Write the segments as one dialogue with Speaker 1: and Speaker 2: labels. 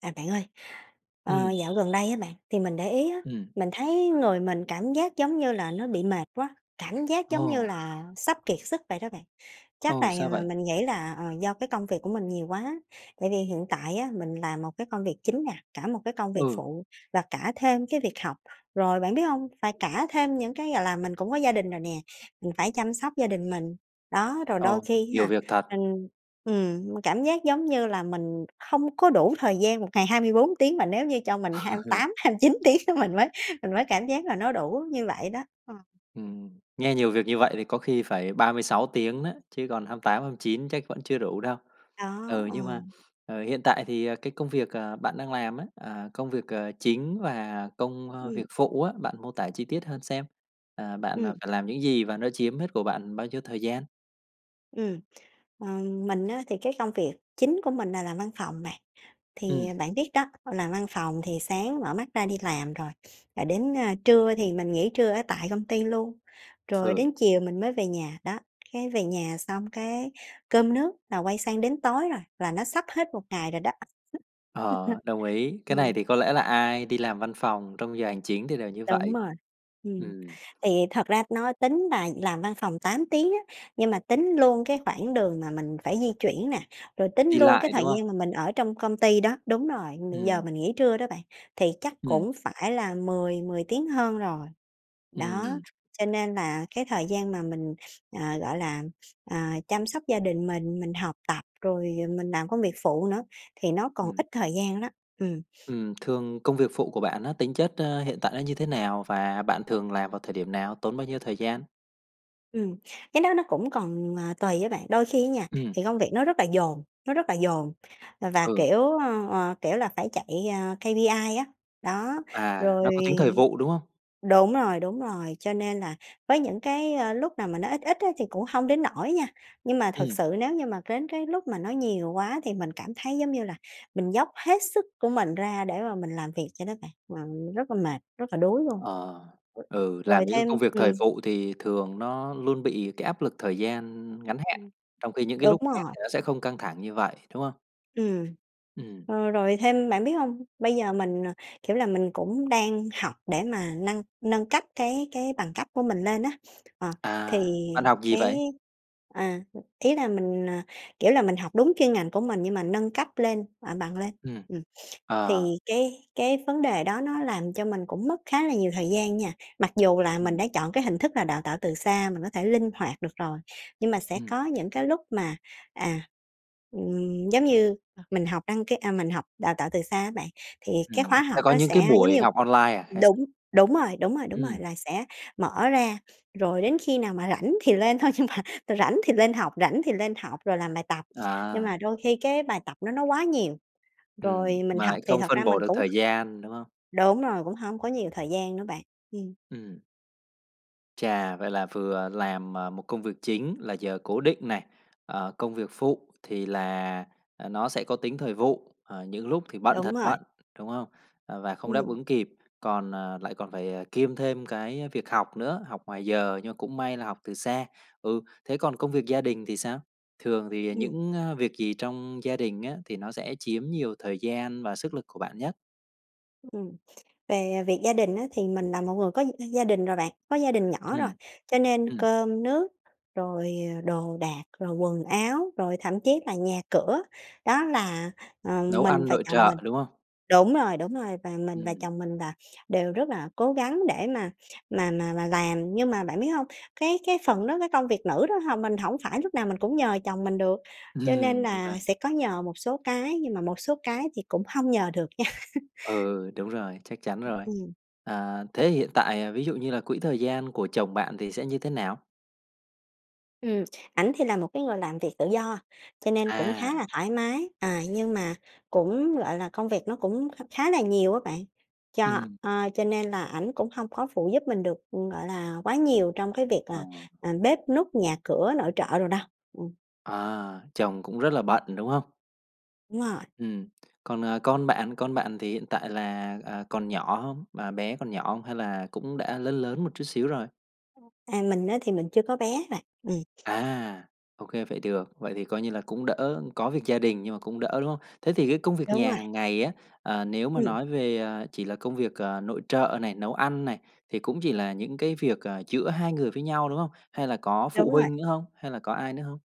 Speaker 1: À, bạn ơi, ờ,
Speaker 2: Ừm.
Speaker 1: dạo gần đây á bạn, thì mình để ý á,
Speaker 2: Ừm.
Speaker 1: mình thấy người mình cảm giác giống như là nó bị mệt quá, cảm giác giống như
Speaker 2: Ồ!
Speaker 1: là sắp kiệt sức vậy đó bạn. Chắc là
Speaker 2: Ồ, sao vậy?
Speaker 1: mình nghĩ là, ờ, do cái công việc của mình nhiều quá, tại vì hiện tại á mình làm một cái công việc chính nè, cả một cái công việc
Speaker 2: Ừ.
Speaker 1: phụ và cả thêm cái việc học. Rồi bạn biết hông? Phải cả thêm những cái gọi là mình cũng có gia đình rồi nè, mình phải chăm sóc gia đình mình. Đó, rồi đôi
Speaker 2: Ồ,
Speaker 1: khi á
Speaker 2: nhiều
Speaker 1: ha,
Speaker 2: việc thật.
Speaker 1: mình ừm, m cảm giác giống như là mình hông có đủ thời gian, một ngày 24 tiếng mà nếu như cho mình hai tám hăm chín tiếng mình mới mình mới cảm giác là nó đủ như vậy đó. Ờ.
Speaker 2: Ừm, nghe nhiều việc như vậy thì có khi phải 36 tiếng đó, chứ còn 28-29 chắc vẫn chưa đủ đâu.
Speaker 1: Đó,
Speaker 2: Ừ, nhưng mà,
Speaker 1: ừm.
Speaker 2: ờ, hiện tại thì, ờ, cái công việc, ờ, bạn đang làm á, à, công việc, ờ, chính và công, ơ, việc
Speaker 1: Ừm.
Speaker 2: phụ á, bạn mô tả chi tiết hơn xem. À, bạn, à,
Speaker 1: Ừm.
Speaker 2: phải làm những gì và nó chiếm hết của bạn bao nhiêu thời gian?
Speaker 1: Ừm, ờ, mình á thì cái công việc chính của mình là làm văn phòng, bạn. Thì
Speaker 2: Ừm.
Speaker 1: bạn biết đó, làm văn phòng thì sáng mở mắt ra đi làm rồi, à, đến, à, trưa thì mình nghỉ trưa ở tại công ty luôn, rồi
Speaker 2: Ừ.
Speaker 1: đến chiều mình mới về nhà. Đó, cái về nhà xong cái cơm nước là quay sang đến tối rồi, là nó sắp hết một ngày rồi đó.
Speaker 2: Ờ, đồng ý. Cái này
Speaker 1: Ừm.
Speaker 2: thì có lẽ là ai đi làm văn phòng trong giờ hành chính thì đều như
Speaker 1: Đúng
Speaker 2: vậy.
Speaker 1: rồi. Ừm,
Speaker 2: Ừm.
Speaker 1: thì thật ra nó tính là làm văn phòng 8 tiếng á, nhưng mà tính luôn cái khoảng đường mà mình phải di chuyển nè, rồi tính
Speaker 2: Đi
Speaker 1: luôn cái
Speaker 2: lại,
Speaker 1: thời
Speaker 2: đúng không?
Speaker 1: gian mà mình ở trong công ty đó đúng rồi, mình giờ
Speaker 2: Ừm.
Speaker 1: mình nghỉ trưa đó bạn, thì chắc
Speaker 2: Ừm.
Speaker 1: cũng phải là mười mười tiếng hơn rồi. Đó,
Speaker 2: Ừm.
Speaker 1: cho nên là cái thời gian mà mình, ờ, gọi là, ờ, chăm sóc gia đình mình, mình học tập rồi, ờ, mình làm công việc phụ nữa thì nó còn
Speaker 2: Ừm.
Speaker 1: ít thời gian đó. Ừm.
Speaker 2: Ừm, thường công việc phụ của bạn á, tính chất, a, hiện tại nó như thế nào? Và bạn thường làm vào thời điểm nào, tốn bao nhiêu thời gian?
Speaker 1: Ừm. Cái đó nó cũng còn, ờ, tùy á bạn. Đôi khi á nha
Speaker 2: Ừm.
Speaker 1: thì công việc nó rất là dồn, nó rất là dồn và,
Speaker 2: Ừ.
Speaker 1: kiểu, ờ, ờ, kiểu là, phải chạy, ờ, KPI á. Đó,
Speaker 2: À,
Speaker 1: rồi
Speaker 2: nó có tính thời vụ, đúng không?
Speaker 1: đúng rồi, đúng rồi, cho nên là với những cái lúc nào mà nó ít ít á thì cũng hông đến nỗi nha, nhưng mà thực
Speaker 2: Ừm.
Speaker 1: sự nếu như mà đến cái lúc mà nó nhiều quá thì mình cảm thấy giống như là mình dốc hết sức của mình ra để mà mình làm việc cho nó vậy, và mình rất là mệt, rất là đuối luôn.
Speaker 2: Ờ. Ừ, làm
Speaker 1: Rồi
Speaker 2: những cái công
Speaker 1: thêm
Speaker 2: việc thời
Speaker 1: ừm.
Speaker 2: vụ thì thường nó luôn bị cái áp lực thời gian ngắn hạn,
Speaker 1: [unintelligible]
Speaker 2: trong khi những cái
Speaker 1: Đúng
Speaker 2: lúc khác
Speaker 1: rồi.
Speaker 2: thì nó sẽ không căng thẳng như vậy, đúng không?
Speaker 1: Ừm.
Speaker 2: Ừm.
Speaker 1: Ờ, rồi thêm bạn biết hông? Bây giờ mình, ờ, kiểu là, mình cũng đang học để mà nâng nâng cấp cái cái bằng cấp của mình lên á, ờ. Thì
Speaker 2: À, bạn học gì
Speaker 1: cái
Speaker 2: vậy?
Speaker 1: à, ý là mình, ờ, kiểu là, mình học đúng chuyên ngành của mình nhưng mà nâng cấp lên ờ, bằng lên,
Speaker 2: Ừm.
Speaker 1: ừ,
Speaker 2: Ờ.
Speaker 1: thì cái cái vấn đề đó nó làm cho mình cũng mất khá là nhiều thời gian nha. Mặc dù là mình
Speaker 2: Ừm.
Speaker 1: đã chọn cái hình thức là đào tạo từ xa mình có thể linh hoạt được rồi, nhưng mà sẽ
Speaker 2: Ừm.
Speaker 1: có những cái lúc mà, à, ừm, giống như mình học đăng ký à, mình học đào tạo từ xa á bạn, thì cái
Speaker 2: Ừm,
Speaker 1: khóa học
Speaker 2: ta có
Speaker 1: nó
Speaker 2: những
Speaker 1: sẽ
Speaker 2: cái
Speaker 1: giống
Speaker 2: buổi
Speaker 1: như
Speaker 2: học online à, hay sao?
Speaker 1: đúng, đúng rồi, đúng rồi, đúng rồi,
Speaker 2: Ừm.
Speaker 1: là sẽ mở ra, rồi đến khi nào mà rảnh thì lên thôi nhưng mà rảnh thì lên học, rảnh thì lên học rồi làm bài tập, nhưng
Speaker 2: À.
Speaker 1: mà đôi khi cái bài tập nó nó quá nhiều.
Speaker 2: Ừm,
Speaker 1: Rồi mình
Speaker 2: mà
Speaker 1: học
Speaker 2: lại
Speaker 1: thì
Speaker 2: không
Speaker 1: thật ra
Speaker 2: phân bổ
Speaker 1: mình
Speaker 2: được
Speaker 1: cũng
Speaker 2: thời gian, đúng không?
Speaker 1: đúng rồi, cũng hông có nhiều thời gian nữa bạn. Ừm.
Speaker 2: Ừm. Chà. Vậy là vừa làm, à, một công việc chính, là giờ cố định này, ờ, công việc phụ thì là nó sẽ có tính thời vụ, ờ, những lúc thì bận
Speaker 1: Đúng
Speaker 2: thật
Speaker 1: rồi.
Speaker 2: bận, đúng không? Và không đáp
Speaker 1: Ừm.
Speaker 2: ứng kịp, còn lại còn phải, à, kiêm thêm cái việc học nữa, học ngoài giờ, nhưng mà cũng may là học từ xa. Ừ. Thế còn công việc gia đình thì sao? Thường thì
Speaker 1: Ừm.
Speaker 2: những việc gì trong gia đình á, thì nó sẽ chiếm nhiều thời gian và sức lực của bạn nhất?
Speaker 1: Ừm, về việc gia đình á, thì mình là một người có gia đình rồi bạn, có gia đình nhỏ rồi,
Speaker 2: Ừm.
Speaker 1: cho nên
Speaker 2: Ừm.
Speaker 1: cơm nước rồi, ờ, đồ đạc, rồi quần áo, rồi thậm chí là nhà cửa đó là, ờ,
Speaker 2: Nấu
Speaker 1: mình
Speaker 2: ăn,
Speaker 1: và
Speaker 2: nội
Speaker 1: chồng mình
Speaker 2: trợ, đúng không?
Speaker 1: đúng rồi, đúng rồi. Và mình và
Speaker 2: Ừm.
Speaker 1: chồng mình là đều rất là cố gắng để mà mà mà mà làm. Nhưng mà bạn biết hông, cái cái phần đó, cái công việc nữ đó h mình hổng phải lúc nào mình cũng nhờ chồng mình được, cho nên
Speaker 2: Ừm, đúng
Speaker 1: là
Speaker 2: rồi.
Speaker 1: sẽ có nhờ một số cái, nhưng mà một số cái thì cũng hông nhờ được nha.
Speaker 2: Ừ, đúng rồi, chắc chắn rồi.
Speaker 1: Ừm.
Speaker 2: Ờ, thế hiện tại, ờ, ví dụ như là quỹ thời gian của chồng bạn thì sẽ như thế nào?
Speaker 1: Ừm. Ảnh thì là một cái người làm việc tự do, cho nên cũng khá
Speaker 2: À.
Speaker 1: là thoải mái. À, nhưng mà cũng, gọi là, công việc nó cũng kh khá là nhiều á bạn, cho,
Speaker 2: Ừm.
Speaker 1: ờ, cho nên là, ảnh cũng hông có phụ giúp mình được, ừm, gọi là, quá nhiều trong cái việc
Speaker 2: Ờ.
Speaker 1: là, à, bếp núc, nhà cửa, nội trợ đồ đâu, ừm.
Speaker 2: À, chồng cũng rất là bận, đúng hông?
Speaker 1: Đúng rồi.
Speaker 2: Ừm. Còn, ờ, con bạn? Con bạn thì hiện tại là, à, còn nhỏ hông? Mà bé còn nhỏ hông hay là cũng đã lớn lớn một chút xíu rồi?
Speaker 1: À, mình á, thì mình chưa có bé bạn, ừm.
Speaker 2: À, ô kê, vậy được. Vậy thì coi như là cũng đỡ. Có việc gia đình nhưng mà cũng đỡ, đúng hông? Thế thì cái công việc
Speaker 1: Đúng
Speaker 2: nhà
Speaker 1: rồi.
Speaker 2: hằng ngày á, ờ, nếu mà
Speaker 1: Ừm.
Speaker 2: nói về, ờ, chỉ là công việc, ờ, nội trợ này, nấu ăn này, thì cũng chỉ là những cái việc, ờ, giữa hai người với nhau, đúng hông? Hay là có
Speaker 1: Đúng
Speaker 2: phụ
Speaker 1: rồi.
Speaker 2: huynh nữa hông? Hay là có ai nữa hông?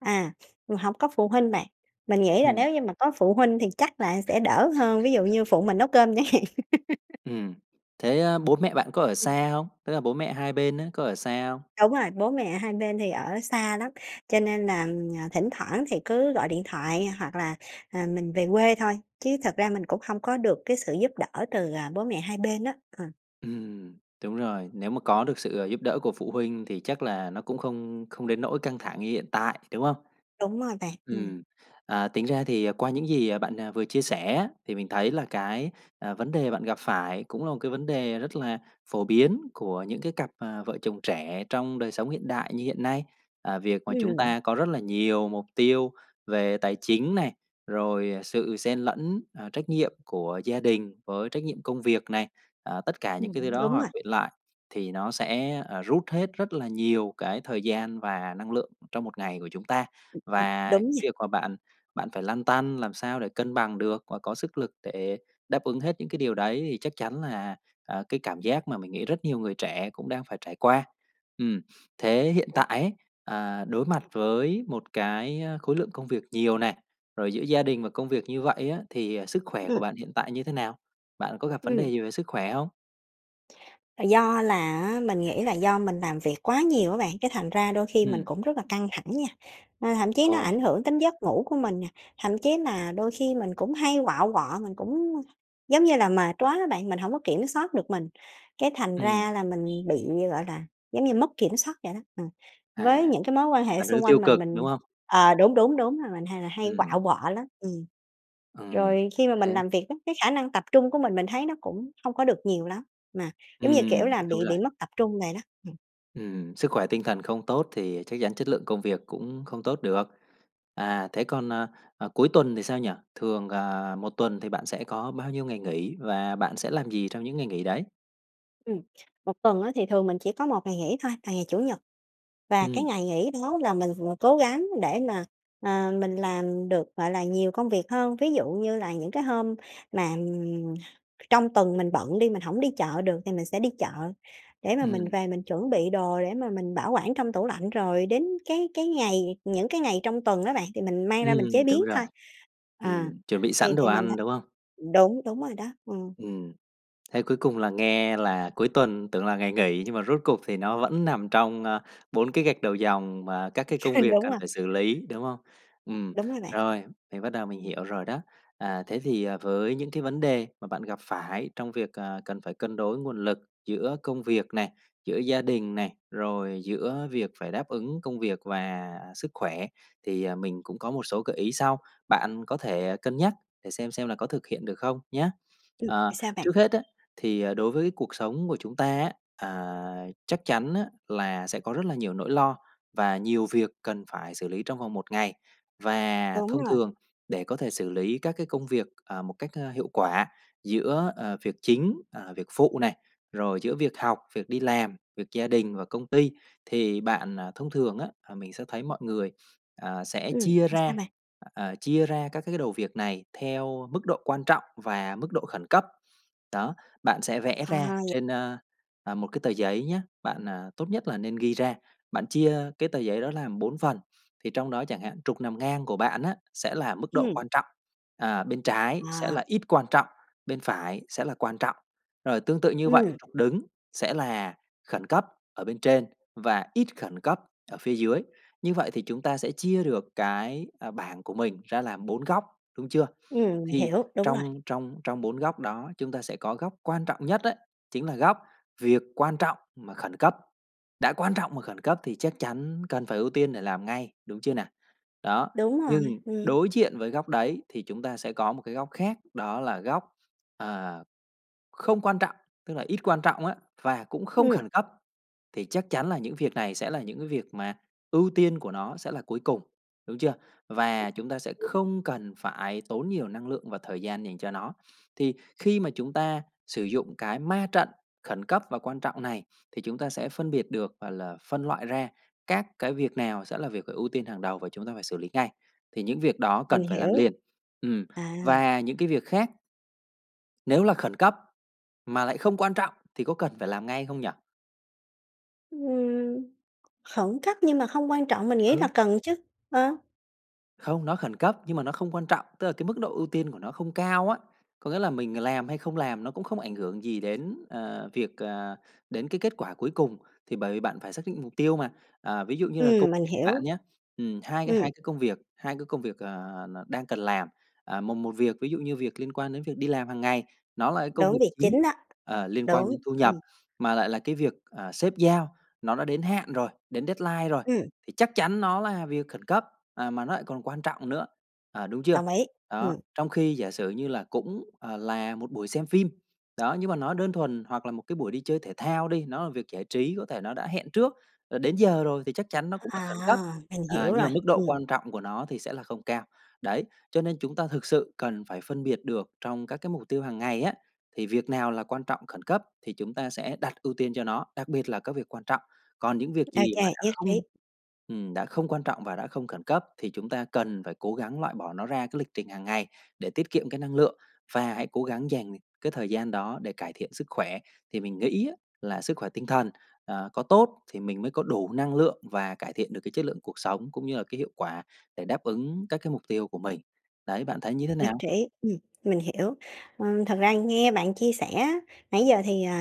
Speaker 1: À, hổng có phụ huynh bạn, mình nghĩ là
Speaker 2: Ừm.
Speaker 1: nếu như mà có phụ huynh thì chắc là sẽ đỡ hơn. Ví dụ như phụ mình nấu cơm chẳng hạn.
Speaker 2: Ừm. Thế, ơ, bố mẹ bạn có ở
Speaker 1: Ừm.
Speaker 2: xa hông? Tức là bố mẹ hai bên á, có ở xa hông?
Speaker 1: Đúng rồi. Bố mẹ hai bên thì ở xa lắm, cho nên là, à, thỉnh thoảng thì cứ gọi điện thoại hoặc là, à, mình về quê thôi. Chứ thật ra mình cũng hông có được cái sự giúp đỡ từ, à, bố mẹ hai bên á, ờ.
Speaker 2: Ừm, đúng rồi. Nếu mà có được sự, ơ, giúp đỡ của phụ huynh thì chắc là nó cũng không không đến nỗi căng thẳng như hiện tại, đúng hông?
Speaker 1: Đúng rồi bạn. Ừm.
Speaker 2: Ừm, à, tính ra thì, ờ, qua những gì bạn vừa chia sẻ á, thì mình thấy là cái, à, vấn đề bạn gặp phải cũng là một cái vấn đề rất là phổ biến của những cái cặp, ờ, vợ chồng trẻ trong đời sống hiện đại như hiện nay. Ờ, việc mà chúng
Speaker 1: Ừm.
Speaker 2: ta có rất là nhiều mục tiêu về tài chính này, rồi, ờ, sự xen lẫn, ờ, trách nhiệm của gia đình với trách nhiệm công việc này. Ờ, tất cả những
Speaker 1: Ừm.
Speaker 2: cái thứ đó
Speaker 1: Đúng
Speaker 2: hòa
Speaker 1: rồi.
Speaker 2: quyện lại thì nó sẽ, ờ, rút hết rất là nhiều cái thời gian và năng lượng trong một ngày của chúng ta. Và
Speaker 1: Đúng nha.
Speaker 2: việc mà bạn bạn phải lăn tăn làm sao để cân bằng được và có sức lực để đáp ứng hết những cái điều đấy thì chắc chắn là, ờ, cái cảm giác mà mình nghĩ rất nhiều người trẻ cũng đang phải trải qua. Ừm. Thế hiện tại
Speaker 1: [unintelligible]
Speaker 2: ấy, ờ, đối mặt với một cái, ơ, khối lượng công việc nhiều này, rồi giữa gia đình và công việc như vậy á, thì, à, sức khỏe của
Speaker 1: Ừm.
Speaker 2: bạn hiện tại như thế nào? Bạn có gặp vấn đề
Speaker 1: Ừm.
Speaker 2: gì về sức khỏe hông?
Speaker 1: Do là á, mình nghĩ là do mình làm việc quá nhiều á bạn, cái thành ra đôi khi mình
Speaker 2: Ừm.
Speaker 1: cũng rất là căng thẳng nha, à, thậm chí nó
Speaker 2: Ờ.
Speaker 1: ảnh hưởng đến giấc ngủ của mình nè, thậm chí mà đôi khi mình cũng hay quạu quọ, mình cũng, giống như là, mệt quá á bạn, mình hổng có kiểm soát được mình, cái thành
Speaker 2: Ừm.
Speaker 1: ra là mình bị gọi là, giống như mất kiểm soát vậy đó, ừm,
Speaker 2: À,
Speaker 1: với những cái mối quan hệ
Speaker 2: là theo hướng
Speaker 1: xung
Speaker 2: tiêu
Speaker 1: quanh mình.
Speaker 2: cực, đúng
Speaker 1: Mình
Speaker 2: không?
Speaker 1: ờ, đúng, đúng, đúng rồi. Mình hay là hay
Speaker 2: Ừm.
Speaker 1: quạu quọ lắm, ừm.
Speaker 2: Ừm,
Speaker 1: Rồi khi mà mình
Speaker 2: thế
Speaker 1: làm việc á, cái khả năng tập trung của mình, mình thấy nó cũng không có được nhiều lắm, mà giống như, kiểu
Speaker 2: Ừm,
Speaker 1: là, bị
Speaker 2: đúng rồi.
Speaker 1: bị mất tập trung vậy đó, ừm.
Speaker 2: Ừm. Sức khỏe tinh thần không tốt thì chắc chắn chất lượng công việc cũng không tốt được. À, thế còn, ờ, ờ, cuối tuần thì sao nhỉ? Thường, ờ, một tuần thì bạn sẽ có bao nhiêu ngày nghỉ, và bạn sẽ làm gì trong những ngày nghỉ đấy?
Speaker 1: Ừm, 1 tuần á, thì thường mình chỉ có 1 ngày nghỉ thôi, là ngày Chủ nhật. Và cái
Speaker 2: Ừm.
Speaker 1: ngày nghỉ đó là mình vừa cố gắng để mà, ờ, mình làm được, gọi là, nhiều công việc hơn. Ví dụ như là những cái hôm mà, ừm, trong tuần, mình bận đi, mình hổng đi chợ được, thì mình sẽ đi chợ để mà mình
Speaker 2: Ừm.
Speaker 1: về, mình chuẩn bị đồ, để mà mình bảo quản trong tủ lạnh. Rồi đến cái cái ngày những cái ngày trong tuần đó bạn, thì mình mang ra mình chế
Speaker 2: Ừm, đúng
Speaker 1: biến
Speaker 2: rồi.
Speaker 1: thôi. Ờ
Speaker 2: Ừm, chuẩn bị
Speaker 1: thì
Speaker 2: sẵn đồ
Speaker 1: thì mình
Speaker 2: ăn,
Speaker 1: thấy
Speaker 2: đúng không?
Speaker 1: đúng, đúng rồi đó, ừm.
Speaker 2: Ừm. Thế cuối cùng là nghe là cuối tuần tưởng là ngày nghỉ, nhưng mà rốt cuộc thì nó vẫn nằm trong, ơ, 4 cái gạch đầu dòng, và các cái công việc
Speaker 1: Đúng
Speaker 2: cần
Speaker 1: rồi.
Speaker 2: phải xử lý, đúng không? Ừm,
Speaker 1: Đúng rồi bạn.
Speaker 2: rồi, mình bắt đầu mình hiểu rồi đó. À, thế thì, à, với những cái vấn đề mà bạn gặp phải trong việc, à, cần phải cân đối nguồn lực giữa công việc này, giữa gia đình này, rồi giữa việc phải đáp ứng công việc và sức khỏe, thì, à, mình cũng có một số gợi ý sau, bạn có thể cân nhắc để xem xem là có thực hiện được không, nhá.
Speaker 1: Ừm.
Speaker 2: Ờ,
Speaker 1: Sao bạn?
Speaker 2: trước hết á, thì, à, đối với cuộc sống của chúng ta á, à, chắc chắn á, là sẽ có rất là nhiều nỗi lo, và nhiều việc cần phải xử lý trong vòng một ngày. Và
Speaker 1: Đúng
Speaker 2: thông
Speaker 1: rồi.
Speaker 2: thường, để có thể xử lý các cái công việc, à, một cách, a, hiệu quả giữa, ờ, việc chính, ờ, việc phụ này, rồi giữa việc học, việc đi làm, việc gia đình và công ty thì bạn thông thường á, là mình sẽ thấy mọi người, ờ, sẽ
Speaker 1: Ừm,
Speaker 2: chia
Speaker 1: thì sao
Speaker 2: ra,
Speaker 1: bạn?
Speaker 2: ờ, chia ra các cái đầu việc này theo mức độ quan trọng và mức độ khẩn cấp, đó. Bạn sẽ vẽ
Speaker 1: À,
Speaker 2: ra
Speaker 1: vậy
Speaker 2: trên, ơ, ờ, một cái tờ giấy nhá, bạn, à, tốt nhất là nên ghi ra, bạn chia cái tờ giấy đó làm 4 phần, thì trong đó, chẳng hạn, trục nằm ngang của bạn á, sẽ là mức độ
Speaker 1: Ừm.
Speaker 2: quan trọng, à, bên trái sẽ
Speaker 1: À.
Speaker 2: là ít quan trọng, bên phải sẽ là quan trọng, rồi tương tự như vậy,
Speaker 1: Ừm.
Speaker 2: trục đứng sẽ là khẩn cấp ở bên trên, và ít khẩn cấp ở phía dưới. Như vậy thì chúng ta sẽ chia được cái, ờ, bảng của mình ra làm 4 góc, đúng chưa?
Speaker 1: Ừm, mình
Speaker 2: Thì
Speaker 1: hiểu, đúng rồi.
Speaker 2: trong trong trong 4 góc đó, chúng ta sẽ có góc quan trọng nhất ấy, chính là góc, việc quan trọng mà khẩn cấp, đã quan trọng mà khẩn cấp, thì chắc chắn cần phải ưu tiên để làm ngay, đúng chưa nào? Đó,
Speaker 1: Đúng rồi,
Speaker 2: nhưng
Speaker 1: ừm.
Speaker 2: đối diện với góc đấy, thì chúng ta sẽ có một cái góc khác, đó là góc, ờ, không quan trọng, tức là ít quan trọng á, và cũng không
Speaker 1: Ừm.
Speaker 2: khẩn cấp, thì chắc chắn là những việc này sẽ là những cái việc, mà ưu tiên của nó sẽ là cuối cùng, đúng chưa? Và chúng ta sẽ
Speaker 1: [unintelligible]
Speaker 2: không cần phải tốn nhiều năng lượng và thời gian dành cho nó. Thì khi mà chúng ta sử dụng cái ma trận, khẩn cấp và quan trọng này, thì chúng ta sẽ phân biệt được, gọi là, phân loại ra các cái việc nào sẽ là việc phải ưu tiên hàng đầu, và chúng ta phải xử lý ngay, thì những việc đó
Speaker 1: Mình
Speaker 2: cần phải làm
Speaker 1: hiểu.
Speaker 2: liền. Ừm,
Speaker 1: À.
Speaker 2: và những cái việc khác Nếu là khẩn cấp, mà lại không quan trọng thì có cần phải làm ngay không nhỉ?
Speaker 1: Ừm. Khẩn cấp nhưng mà không quan trọng mình nghĩ là
Speaker 2: Ừ.
Speaker 1: cần chứ, ờ.
Speaker 2: Không, nó khẩn cấp nhưng mà nó không quan trọng, tức là cái mức độ ưu tiên của nó không cao á, có nghĩa là mình làm hay không làm nó cũng không ảnh hưởng gì đến, ờ, việc, à đến cái kết quả cuối cùng, thì bởi vì bạn phải xác định mục tiêu mà. Ờ, ví dụ như là cô
Speaker 1: Ừm, mình
Speaker 2: bạn
Speaker 1: hiểu.
Speaker 2: nhá, ừm, hai c
Speaker 1: Ừm.
Speaker 2: hai cái công việc, hai cái công việc, à, n đang cần làm, ờ, một một việc ví dụ như việc liên quan đến việc đi làm hàng ngày, nó là cái công
Speaker 1: Đúng,
Speaker 2: việc
Speaker 1: việc chính
Speaker 2: chính,
Speaker 1: đó.
Speaker 2: ờ, liên quan
Speaker 1: Đúng.
Speaker 2: đến thu nhập,
Speaker 1: Ừm.
Speaker 2: mà lại là cái việc, à, sếp giao nó đã đến hạn rồi, đến deadline rồi,
Speaker 1: Ừm.
Speaker 2: thì chắc chắn nó là việc khẩn cấp, à, mà nó lại còn quan trọng nữa, ờ, đúng chưa?
Speaker 1: Đồng ý.
Speaker 2: Đó,
Speaker 1: Ừm.
Speaker 2: trong khi giả sử như là cũng, ờ, là một buổi xem phim, đó, nhưng mà nó đơn thuần, hoặc là một cái buổi đi chơi thể thao đi, nó là việc giải trí, có thể nó đã hẹn trước, rồi đến giờ rồi thì chắc chắn nó cũng là
Speaker 1: À,
Speaker 2: khẩn cấp,
Speaker 1: mình
Speaker 2: à,
Speaker 1: hiểu
Speaker 2: nhưng mà
Speaker 1: rồi.
Speaker 2: mức độ
Speaker 1: Ừm.
Speaker 2: quan trọng của nó thì sẽ là không cao. Đấy, cho nên chúng ta thực sự cần phải phân biệt được trong các cái mục tiêu hàng ngày á thì việc nào là quan trọng khẩn cấp thì chúng ta sẽ đặt ưu tiên cho nó, đặc biệt là các việc quan trọng. Còn những việc gì mà
Speaker 1: OK,
Speaker 2: đã
Speaker 1: nhất trí.
Speaker 2: không ừm, đã không quan trọng và đã không khẩn cấp thì chúng ta cần phải cố gắng loại bỏ nó ra cái lịch trình hàng ngày để tiết kiệm cái năng lượng, và hãy cố gắng dành cái thời gian đó để cải thiện sức khỏe. Thì mình nghĩ á là sức khỏe tinh thần à có tốt thì mình mới có đủ năng lượng và cải thiện được cái chất lượng cuộc sống cũng như là cái hiệu quả để đáp ứng các cái mục tiêu của mình. Đấy, bạn thấy như thế
Speaker 1: Nhất
Speaker 2: nào?
Speaker 1: trí. Ừm, mình hiểu. Ờ, thật ra nghe bạn chia sẻ á, nãy giờ thì, ờ,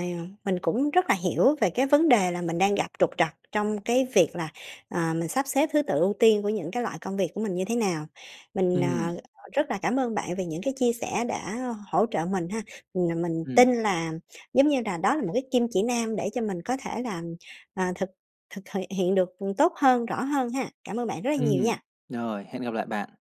Speaker 1: mình cũng rất là hiểu về cái vấn đề là mình đang gặp trục trặc trong cái việc là, ờ, mình sắp xếp thứ tự ưu tiên của những cái loại công việc của mình như thế nào. Mình,
Speaker 2: Ừm.
Speaker 1: ờ, rất là cảm ơn bạn về những cái chia sẻ đã hỗ trợ mình ha! Ừm, mình
Speaker 2: Ừm.
Speaker 1: tin là giống như đà đó là một cái kim chỉ nam để cho mình có thể là, ờ, thực thực th hiện được tốt hơn, rõ hơn ha! Cảm ơn bạn rất là nhiều
Speaker 2: Ừm.
Speaker 1: nha!
Speaker 2: Rồi, hẹn gặp lại bạn!